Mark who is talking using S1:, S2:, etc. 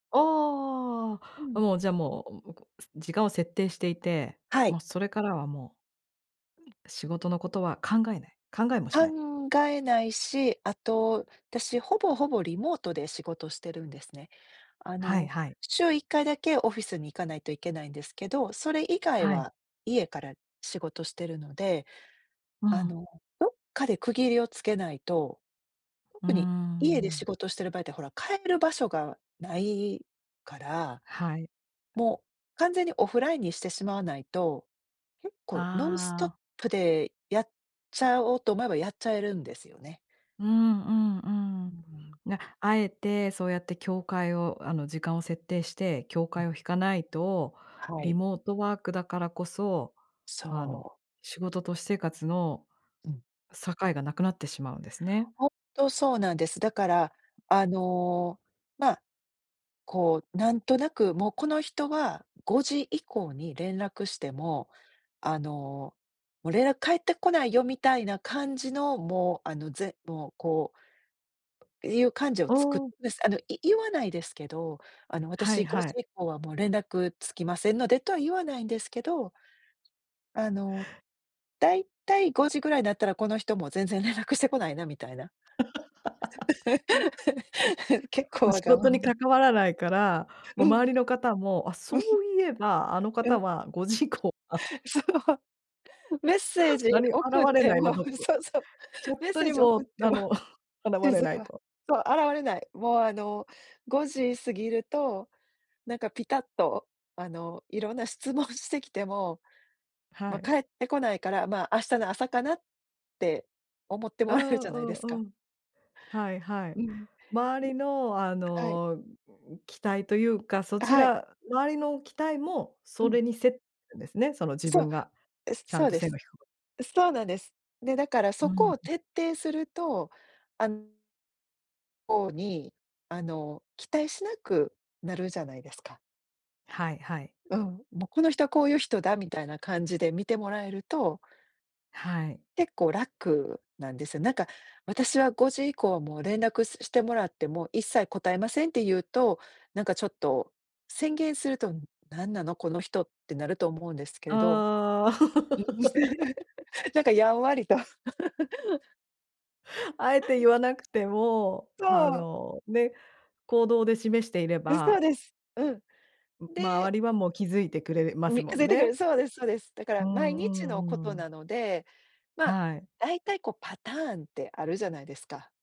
S1: あ
S2: う
S1: あ、
S2: ん。
S1: もう、じゃあもう、むこす、時間を設定していて、
S2: は
S1: も
S2: い。
S1: うそれからはもう
S2: うん。
S1: 仕事のことは考えない、考えもし
S2: 考
S1: ない。
S2: えないし、あと、私、ほぼほぼ、リモートで仕事してるんですね。あ
S1: はい
S2: の、
S1: はい。
S2: 週1回だけオフィスに行かないといけないんですけど、それ以外
S1: はい。
S2: は家から仕事してるので。
S1: う
S2: あ
S1: ん。
S2: の、どっかで区切りをつけないと、
S1: うー
S2: 特に、家で仕
S1: ん。
S2: 事してる場合ってほら、帰る場所が無いから、
S1: はい。
S2: もう、完全にオフラインにしてしまわないと、結構ノンスト
S1: あ
S2: ッ
S1: あ。
S2: プでやっちゃおうと思えば、やっちゃえるんですよね。
S1: うんうんう
S2: う
S1: ん。
S2: ん。
S1: な、敢えてそうやって境界を、あの、時間を設定して境
S2: うん。
S1: 界を引かないと、
S2: は
S1: リ
S2: い。
S1: モートワークだからこそ、あの、
S2: そう。
S1: 仕事と私生活の
S2: うん。
S1: 境が無くなってしまうんですね。
S2: ほんとそうなんです。だから、あの、まあ、こう、なんとなく、もうこの人は5時以降に連絡しても、あの、もう連絡返ってこないよ、みたいな感じの、もう、あの、ぜもうこういう感じを
S1: あ
S2: つくる
S1: あ。
S2: んです。あのい言わないですけど、あの
S1: はい
S2: 「私ご
S1: は
S2: じ
S1: い。
S2: 以降はもう連絡つきませんので」とは言わないんですけどあの、大体5時ぐらいなったら、この人もう、全然連絡してこないな、みたいな。結構
S1: [unintelligible]
S2: わ
S1: 仕
S2: がま
S1: 事に
S2: ま。
S1: 関わらないから、も
S2: う
S1: う
S2: ん。
S1: 周りの方も、あ、そ ういえば、あの
S2: う
S1: 方
S2: ん。
S1: は5時以降、あ
S2: そう。メッセージ
S1: なに、現
S2: 送っ
S1: れ
S2: て
S1: ないな、
S2: も
S1: ちょ
S2: う
S1: っ
S2: ん、
S1: と。
S2: そうそう、
S1: チャッ
S2: メッ
S1: ト
S2: セー
S1: に
S2: ジ送っ
S1: も、
S2: て
S1: あ
S2: も、
S1: の 現れ
S2: 静
S1: ない
S2: か。
S1: と。
S2: そう、現れない。もうあの、5時過ぎると、なんかぴたっと、あの、色んな質問してきても、
S1: は
S2: ま、
S1: い。
S2: 返ってこないから、まあ、明日の朝かなって思って
S1: う
S2: もらえるじ
S1: ん
S2: ゃないです
S1: うんう
S2: か。
S1: ん。はいはい。
S2: うん。ね。
S1: 周りのあ
S2: はい。
S1: の、期待というか、そち
S2: はい。
S1: ら周りの期待も
S2: う
S1: そ
S2: ん。
S1: れにせるんですね、その自
S2: そ
S1: 分
S2: う、
S1: が、
S2: え、
S1: ちゃ
S2: そ
S1: ん
S2: う
S1: と
S2: で
S1: 線
S2: す。
S1: が引くこと。
S2: そうなんです。で、だから
S1: う
S2: そこ
S1: ん。
S2: を徹底すると、あんほうに、あの、期待しなくなるじゃないですか。
S1: はいはい。
S2: うん、もう、この人はこういう人だみたいな感じで見てもらえると。
S1: はい。
S2: 結構楽なんですよ。なんか「私は5時以降はもう連絡してもらっても、一切答えません」って言うと、なんかちょっと、宣言すると、何なのこの人ってなると思うんですけど。
S1: ああ。
S2: なんかやんわりと。
S1: あえて言わなくても、あ
S2: そう。
S1: の、ね。行動で示していれ
S2: あ、そう
S1: ば
S2: です。うん。
S1: う、
S2: で
S1: 周りはもう気づいてくれるます
S2: み、気
S1: も
S2: づ
S1: ん
S2: いてく
S1: ね。
S2: る、そうですそうです。だか
S1: う
S2: ら毎
S1: ん
S2: 日のこ
S1: うんう
S2: と
S1: ん。
S2: なので、まあ、
S1: はい。
S2: 大体こうパターンってあるじゃないですか。